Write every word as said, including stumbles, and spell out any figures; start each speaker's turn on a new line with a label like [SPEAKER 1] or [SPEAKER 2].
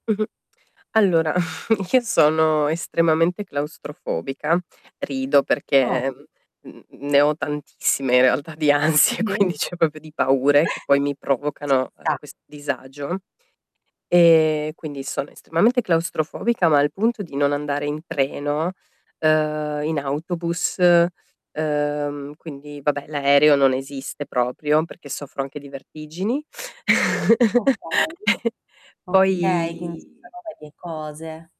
[SPEAKER 1] Allora io sono estremamente claustrofobica. Rido
[SPEAKER 2] Oh.
[SPEAKER 1] perché, mhmm, n ne ho tantissime in realtà di ansie,
[SPEAKER 2] [unintelligible]
[SPEAKER 1] quindi ceh popio di paure che poi mi
[SPEAKER 2] Ci
[SPEAKER 1] provocano, uhm,
[SPEAKER 2] sta.
[SPEAKER 1] questo disagio e quindi sono estremamente claustrofobica, ma al punto di non andare in treno, uhm, in autobus, uhm, quindi, vabbè, l'aereo non esiste proprio, perché soffro anche di vertigini.
[SPEAKER 2] Okay. Okay, quindi ci
[SPEAKER 1] Poi
[SPEAKER 2] sono varie cose.